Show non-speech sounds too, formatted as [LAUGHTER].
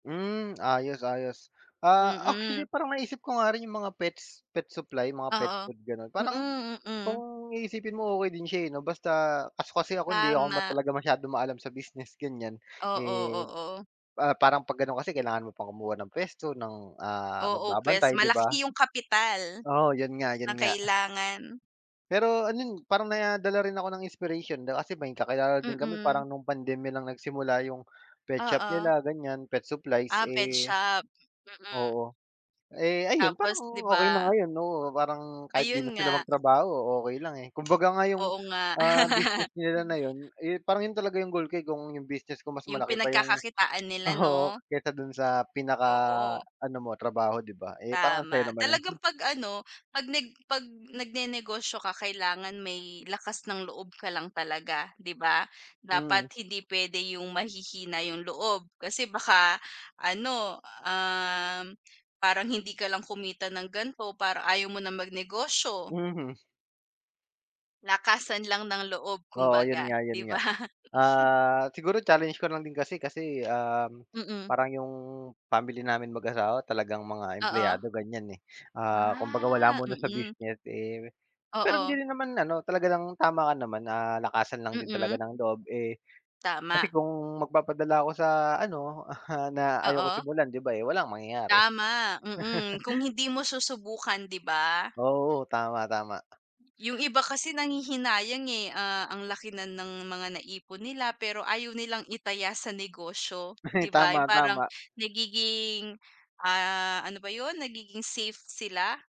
Hmm ayos ayos ah, Mm. actually parang naisip ko nga rin yung mga pets, pet supply mga pet Oo, food ganon parang, mm, mm. kung iisipin mo okey din siya eh, no basta kaso kasi ako hindi ako ma Tama. talagang masyadong maalam sa business ganyan. Oo, Eh, oo. ah, parang pag ganon kasi kailangan mo pang kumuha ng puwesto, ng ah, Oo, pwes magbabantay di ba? malaki yung kapital, Oo yun nga na yun nga. kailangan. Pero ano n parang nadala rin ako ng inspiration di ba kasi may kakilala din kami Mm. parang nung pandemya lang nagsimula yung pet shop Oo. nila ganyan, pet supplies, Ah, pet eh shop? Mm. oo. Eh, ayun parang Tapos di okey na ba? ngayon oo parang kahit di na Ayun sila nga. magtrabaho okey lang eh, kumbaga nga yung, Oo nga. ah, business [LAUGHS] nila na yun eh, parang yun talaga yung goal ko eh, kung yung business ko mas Yung malaki pa yung pinagkakakitaan nila oo, 'no? kaysa dun sa Oo. pinaka-ano mo trabaho di ba eh, parang ang saya Tama, naman nun. talagang [SNORTS] pag ano, pag nag pag nag-nenegosyo ka kailangan may lakas ng loob ka lang talaga di ba? Mm. Dapat hindi pwede yung mahihina yung loob kasi baka ano, um, parang hindi ka lang kumita ng ganito parang ayaw mo na mag-negosyo. Mhm. Lakasan lang ng loob Oo, yun kumbaga. nga yun Di ba? nga, [LAUGHS] ah, siguro challenge ko lang din kasi kasi um, Mm. parang yung family namin mag-asawa talagang mga Oo. empleyado ganyan eh. Ah kumbagaa wala Ah, muna sa mm. business eh, pero hindi Oo. rin naman ano, talaga ng tama ka naman na lakasan lang din talaga Mm. ng loob eh. Kasi Tama. kung mag-papadala ako sa ano, [CHUCKLES] na ayaw ko Oo. simulan di ba eh, walang mangyayari. Tama, mm, kung [LAUGHS] hindi mo susubukan di ba? Oo tama, tama. Yung iba kasi nanghihinayang, eh, ah, ang laki na ng mga na-ipon nila pero ayaw nilang i-taya sa negosyo Ay di ba tama, yung parang tama. nagiging, ah, ano ba yun? Nagiging safe sila?